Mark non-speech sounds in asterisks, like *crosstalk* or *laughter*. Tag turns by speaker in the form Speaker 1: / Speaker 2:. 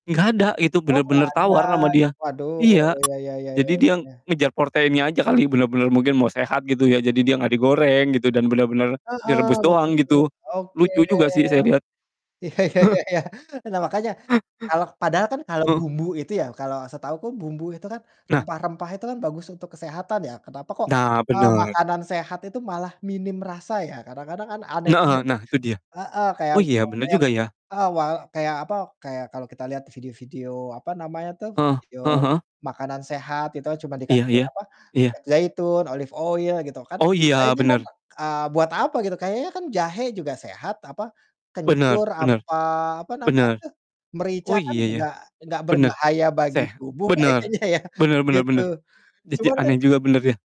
Speaker 1: Gak ada, itu
Speaker 2: Oh, gak
Speaker 1: bener-bener
Speaker 2: ada.
Speaker 1: tawar ama dia
Speaker 2: Waduh
Speaker 1: iya,
Speaker 2: ya ya ya ya
Speaker 1: jadi
Speaker 2: ya ya
Speaker 1: dia
Speaker 2: ya.
Speaker 1: ngejar proteinnya aja kali bener-bener mungkin mau sehat gitu ya jadi dia gak digoreng gitu dan bener-bener
Speaker 2: Heeh,
Speaker 1: direbus
Speaker 2: betul
Speaker 1: doang
Speaker 2: betul
Speaker 1: gitu.
Speaker 2: oke.
Speaker 1: Lucu juga sih saya lihat.
Speaker 2: Iya iya iya
Speaker 1: *chuckles*
Speaker 2: iya. Nah, makanya kalau padahal kan kalau
Speaker 1: Heeh.
Speaker 2: bumbu itu ya, kalau setahuku bumbu itu kan
Speaker 1: Nah.
Speaker 2: rempah-rempah itu kan bagus untuk kesehatan ya, kenapa kok,
Speaker 1: Nah,
Speaker 2: eee,
Speaker 1: bener.
Speaker 2: makanan sehat itu malah minim rasa ya kadang-kadang kan aneh juga
Speaker 1: Heeh,
Speaker 2: tuh
Speaker 1: nah itu dia.
Speaker 2: heeh kayak
Speaker 1: Oh, iya,
Speaker 2: umpama
Speaker 1: bener
Speaker 2: yang
Speaker 1: juga ya.
Speaker 2: heeh wal kayak apa kayak kalau kita lihat video-video apa namanya tuh
Speaker 1: Heeh
Speaker 2: video
Speaker 1: heeh heeh.
Speaker 2: makanan sehat itu cuma
Speaker 1: Iya
Speaker 2: dikasih
Speaker 1: iya
Speaker 2: apa
Speaker 1: iya.
Speaker 2: minyak zaitun, olive oil gitu kan,
Speaker 1: Oh, iya,
Speaker 2: kayaknya kan
Speaker 1: bener.
Speaker 2: eee buat apa gitu kayaknya kan jahe juga sehat apa
Speaker 1: Bener
Speaker 2: kencur
Speaker 1: bener,
Speaker 2: apa apa namanya
Speaker 1: bener.
Speaker 2: tuh, merica
Speaker 1: Oh,
Speaker 2: kan
Speaker 1: iya ya
Speaker 2: juga nggak
Speaker 1: bener,
Speaker 2: berbahaya bagi
Speaker 1: seh
Speaker 2: tubuh
Speaker 1: bener,
Speaker 2: kayaknya ya
Speaker 1: bener bener
Speaker 2: gitu.
Speaker 1: bener, jadi
Speaker 2: Cuma kan
Speaker 1: aneh juga bener ya.